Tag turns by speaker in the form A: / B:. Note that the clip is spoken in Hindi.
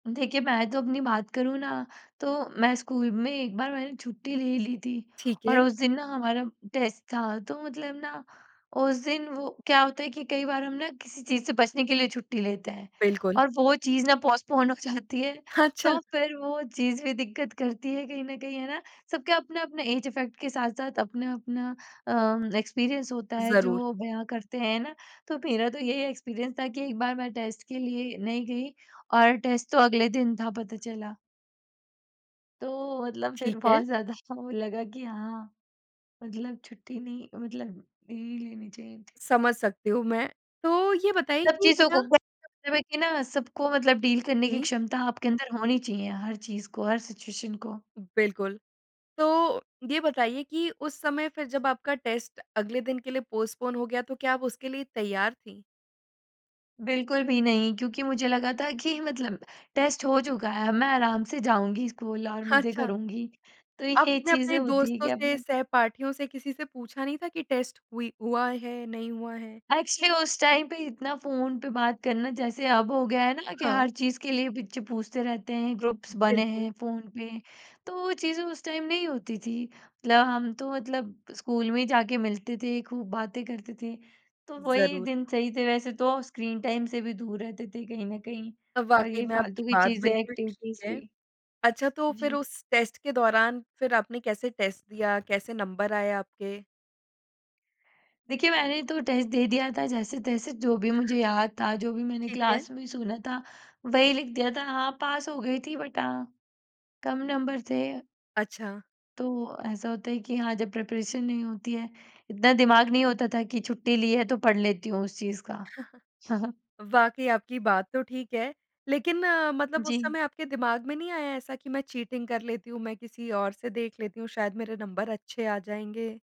A: देखिए, मैं तो अपनी बात करूँ ना, तो मैं स्कूल में एक बार मैंने छुट्टी ले ली थी
B: ठीक
A: और
B: है।
A: उस दिन ना हमारा टेस्ट था, तो मतलब ना उस दिन वो क्या होता है कि कई बार हम ना किसी चीज़ से बचने के लिए छुट्टी लेते हैं
B: बिल्कुल।
A: और वो चीज़ ना पोस्टपोन हो जाती है,
B: हाँ, अच्छा।
A: तो फिर वो चीज़ भी दिक्कत करती है कहीं न कहीं। है ना? सब के अपने-अपने ऐज इफेक्ट के साथ-साथ, अपना-अपना अम, एक्सपीरियंस होता है
B: ज़रूर।
A: जो बयाँ करते हैं ना? तो मेरा तो यही एक्सपीरियंस था कि एक बार मैं टेस्ट के लिए नहीं गई और टेस्ट तो अगले दिन था पता चला। तो मतलब फिर
B: ठीक है।
A: बहुत ज़्यादा वो लगा कि हाँ, मतलब छुट्टी नहीं मतलब ले लेनी चाहिए थी।
B: समझ सकती हूँ मैं, तो ये बताइए
A: सब
B: कि
A: चीज़ों को
B: क्या
A: [unintelligible] कि ना सबको मतलब डील करने की
B: जी।
A: क्षमता आपके अंदर होनी चाहिए, हर चीज़ को, हर सिचुएशन को।
B: बिल्कुल। तो ये बताइए कि उस समय फिर जब आपका टेस्ट अगले दिन के लिए पोस्टपोन हो गया, तो क्या आप उसके लिए तैयार थी?
A: बिल्कुल भी नहीं, क्योंकि मुझे लगा था कि मतलब टेस्ट हो चुका है, मैं आराम से जाऊँगी स्कूल और मज़े
B: अच्छा।
A: करूँगी तो ये
B: अपने-अपने
A: चीज़ें होती है
B: दोस्तों
A: कि
B: से,
A: अपने-अपने
B: सहपाठियों से किसी से पूछा नहीं था कि टेस्ट हुई हुआ है, नहीं हुआ है?
A: एक्चुअली उस टाइम पे इतना फ़ोन पे बात करना जैसे अब हो गया है ना कि हर
B: हाँ।
A: चीज़ के लिए पिच पूछते रहते हैं, ग्रुप्स बने
B: बिल्कुल।
A: हैं फ़ोन पे, तो वो चीज़ें उस टाइम नहीं होती थी। मतलब हम तो मतलब स्कूल में ही जाके मिलते थे, खूब बातें करते थे, तो वही
B: ज़रूर।
A: दिन सही थे वैसे तो स्क्रीन टाइम से भी दूर रहते थे कहीं न कहीं
B: अ,
A: और
B: वाक़ई
A: ये
B: में
A: फालतू
B: आपकी
A: की
B: बात
A: चीज़ें
B: बिल्कुल
A: एक्टिविटीज़
B: ठीक है।
A: भी
B: अच्छा, तो फिर
A: जी।
B: उस टेस्ट के दौरान फिर आपने कैसे टेस्ट दिया? कैसे नंबर आए आपके?
A: देखिए, मैंने तो टेस्ट दे दिया था जैसे-तैसे जो भी मुझे याद था, जो भी मैंने
B: ठीक है।
A: क्लास में सुना था वही लिख दिया था। हाँ, पास हो गई थी बट हाँ, कम नंबर थे अ
B: अच्छा।
A: तो ऐसा होता है कि हाँ, जब प्रिपरेशन नहीं होती है, इतना दिमाग नहीं होता था कि छुट्टी ली है तो पढ़ लेती हूँ उस चीज़ का।
B: वाक़ई आपकी बात तो ठीक है, लेकिन मतलब उस
A: जी।
B: समय आपके दिमाग में नहीं आया ऐसा कि मैं चीटिंग कर लेती हूँ, मैं किसी और से देख लेती हूँ। शायद मेरे नंबर अच्छे आ जाएँगे?